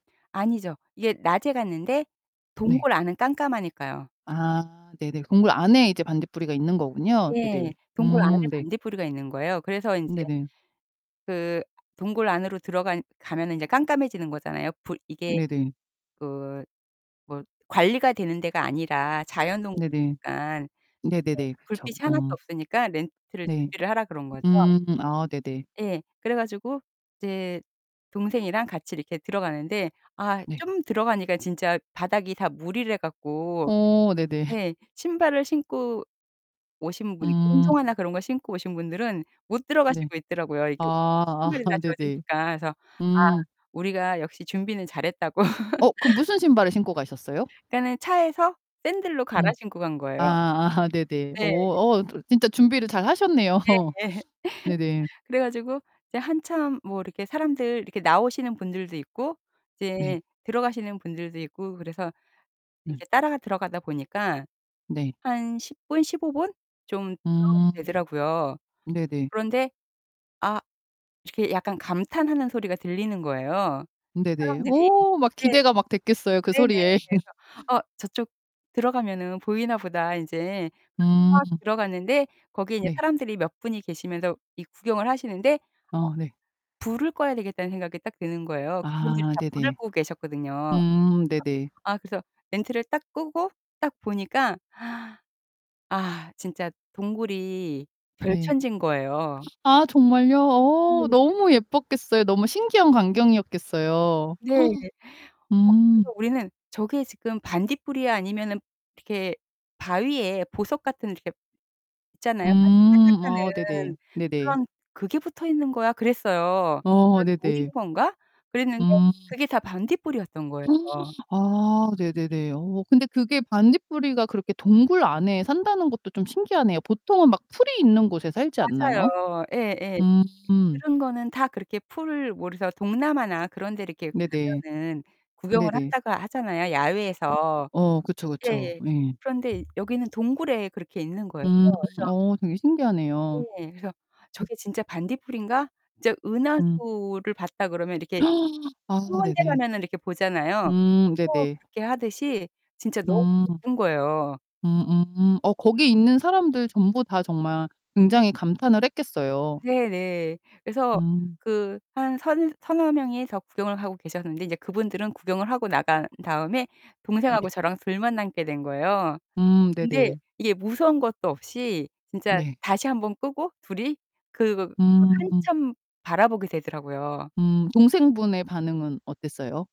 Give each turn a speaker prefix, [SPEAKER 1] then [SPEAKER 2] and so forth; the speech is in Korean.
[SPEAKER 1] 아니죠. 이게 낮에 갔는데
[SPEAKER 2] 네.
[SPEAKER 1] 동굴 안은 깜깜하니까요.
[SPEAKER 2] 아 네네. 동굴 안에 이제 반딧불이가 있는 거군요.
[SPEAKER 1] 예.
[SPEAKER 2] 네네.
[SPEAKER 1] 동굴 안에
[SPEAKER 2] 음 네.
[SPEAKER 1] 반딧불이가 있는 거예요. 그래서 인제
[SPEAKER 2] 네네.
[SPEAKER 1] 그 동굴 안으로 들어간 가면은 이제 깜깜해지는 거잖아요. 불 이게
[SPEAKER 2] 네네.
[SPEAKER 1] 그 뭐 관리가 되는 데가 아니라
[SPEAKER 2] 네네.
[SPEAKER 1] 자연동굴이니깐 이제
[SPEAKER 2] 네네네. 그렇죠.
[SPEAKER 1] 불빛이 하나도
[SPEAKER 2] 음.
[SPEAKER 1] 없으니까 렌트를
[SPEAKER 2] 네.
[SPEAKER 1] 준비를 하라 그런 거죠.
[SPEAKER 2] 음 아 네네.
[SPEAKER 1] 예. 그래 가지고 이제 동생이랑 같이 이렇게 들어가는데 아
[SPEAKER 2] 네.
[SPEAKER 1] 좀 들어가니까 진짜 바닥이 다 물이래 갖고
[SPEAKER 2] 어 네네.
[SPEAKER 1] 네. 신발을 신고 오신 분 이렇게
[SPEAKER 2] 음.
[SPEAKER 1] 운동화나 그런 거 신고 오신 분들은 못
[SPEAKER 2] 네.
[SPEAKER 1] 들어가시고 있더라고요, 이게
[SPEAKER 2] 아
[SPEAKER 1] 신발이 다
[SPEAKER 2] 아 네네.
[SPEAKER 1] 젖으니까. 그래서 아
[SPEAKER 2] 음.
[SPEAKER 1] 우리가 역시 준비는 잘했다고
[SPEAKER 2] 어 그럼 무슨 신발을 신고 가셨어요?
[SPEAKER 1] 그러니까는 차에서 샌들로 갈아
[SPEAKER 2] 음.
[SPEAKER 1] 신고 간 거예요.
[SPEAKER 2] 아 아 네네.
[SPEAKER 1] 네.
[SPEAKER 2] 오 어 [unintelligible] 진짜 준비를 잘 하셨네요.
[SPEAKER 1] 예예.
[SPEAKER 2] 네네.
[SPEAKER 1] 그래 가지고 이제 한참 뭐 이렇게 사람들 이렇게 나오시는 분들도 있고
[SPEAKER 2] 네.
[SPEAKER 1] 이제 들어가시는 분들도 있고 그래서
[SPEAKER 2] 예.
[SPEAKER 1] 이렇게 따라 들어가다 보니까
[SPEAKER 2] 네.
[SPEAKER 1] 한 10 분, 15 분 좀 들어가게
[SPEAKER 2] 음.
[SPEAKER 1] 되더라고요.
[SPEAKER 2] 네네.
[SPEAKER 1] 그런데 아 이렇게 약간 감탄하는 소리가 들리는 거예요,
[SPEAKER 2] 네네.
[SPEAKER 1] 사람들이.
[SPEAKER 2] 어 막
[SPEAKER 1] 네.
[SPEAKER 2] 기대가 막 됐겠어요, 그
[SPEAKER 1] 네네.
[SPEAKER 2] 소리에.
[SPEAKER 1] 그래서 '아 저쪽 들어가면은 보이나보다.' 이제 그래서
[SPEAKER 2] 음.
[SPEAKER 1] 막 들어갔는데 거기에 이제
[SPEAKER 2] 네.
[SPEAKER 1] 사람들이 몇 분이 계시면서 이 구경을 하시는데 어
[SPEAKER 2] 아 네.
[SPEAKER 1] '불을 꺼야 되겠다.'는 생각이 딱 드는 거예요. 그분들이
[SPEAKER 2] 아
[SPEAKER 1] 다 불을
[SPEAKER 2] 네네.
[SPEAKER 1] 끄고 계셨거든요.
[SPEAKER 2] 음 네네.
[SPEAKER 1] 아 그래서 램프를 딱 끄고 딱 보니까 아 진짜 동굴이
[SPEAKER 2] 네.
[SPEAKER 1] 별천지인 거예요.
[SPEAKER 2] 아 정말요? 어
[SPEAKER 1] 예.
[SPEAKER 2] 너무 예뻤겠어요. 너무 신기한 광경이었겠어요.
[SPEAKER 1] 네. 어
[SPEAKER 2] 음.
[SPEAKER 1] 그래서 우리는 "저게 지금 반딧불이야?" 아니면은 이렇게 바위에 보석 같은 이렇게 있잖아요.
[SPEAKER 2] 음. 어 네네.
[SPEAKER 1] 반짝반짝하는
[SPEAKER 2] 네네.
[SPEAKER 1] 그런 "그게 붙어 있는 거야?" 그랬어요.
[SPEAKER 2] 어
[SPEAKER 1] 그래서 '돌인
[SPEAKER 2] 네네.
[SPEAKER 1] 건가?' 그랬는데
[SPEAKER 2] 음.
[SPEAKER 1] 그게 다 반딧불이었던 거예요.
[SPEAKER 2] 아 네네네. 어 근데 그게 반딧불이가 그렇게 동굴 안에 산다는 것도 좀 신기하네요. 보통은 막 풀이 있는 곳에 살지 않나요?
[SPEAKER 1] 맞아요. 예 예.
[SPEAKER 2] 음.
[SPEAKER 1] 그런 거는 다 그렇게 풀 뭐 그래서 동남아나 그런데 이렇게
[SPEAKER 2] 네네.
[SPEAKER 1] 가면은 구경을
[SPEAKER 2] 네네.
[SPEAKER 1] 한다고 하잖아요, 야외에서.
[SPEAKER 2] 어 그쵸, 그쵸.
[SPEAKER 1] 예예.
[SPEAKER 2] 예.
[SPEAKER 1] 그런데 이 여기는 동굴에 그렇게 있는 거에요.
[SPEAKER 2] 음
[SPEAKER 1] 그래서
[SPEAKER 2] 어 되게 신기하네요.
[SPEAKER 1] 네. 그래서
[SPEAKER 2] 음.
[SPEAKER 1] '저게 진짜 반딧불인가?' 진짜
[SPEAKER 2] 음.
[SPEAKER 1] 은하수를 봤다 그러면 이렇게
[SPEAKER 2] 아
[SPEAKER 1] 천문대
[SPEAKER 2] 네네.
[SPEAKER 1] 가면은 이렇게 보잖아요.
[SPEAKER 2] 음
[SPEAKER 1] 그거
[SPEAKER 2] 네네.
[SPEAKER 1] 그렇게 하듯이 진짜 너무
[SPEAKER 2] 음.
[SPEAKER 1] 예쁜 거예요.
[SPEAKER 2] 음음. 어 거기 있는 사람들 전부 다 정말 굉장히 감탄을 했겠어요.
[SPEAKER 1] 네네. 그래서
[SPEAKER 2] 음.
[SPEAKER 1] 그 한 서 서너 명이 더 구경을 하고 계셨는데 이제 그분들은 구경을 하고 나간 다음에
[SPEAKER 2] 음 네.
[SPEAKER 1] 동생하고 저랑 둘만 남게 된 거예요.
[SPEAKER 2] 음
[SPEAKER 1] 근데
[SPEAKER 2] 네네.
[SPEAKER 1] 이게 무서운 것도 없이 진짜
[SPEAKER 2] 네.
[SPEAKER 1] 다시 1 번 끄고 둘이 그거 그걸
[SPEAKER 2] 음.
[SPEAKER 1] 한참 바라보게 되더라고요.
[SPEAKER 2] 음 동생분의 반응은 어땠어요?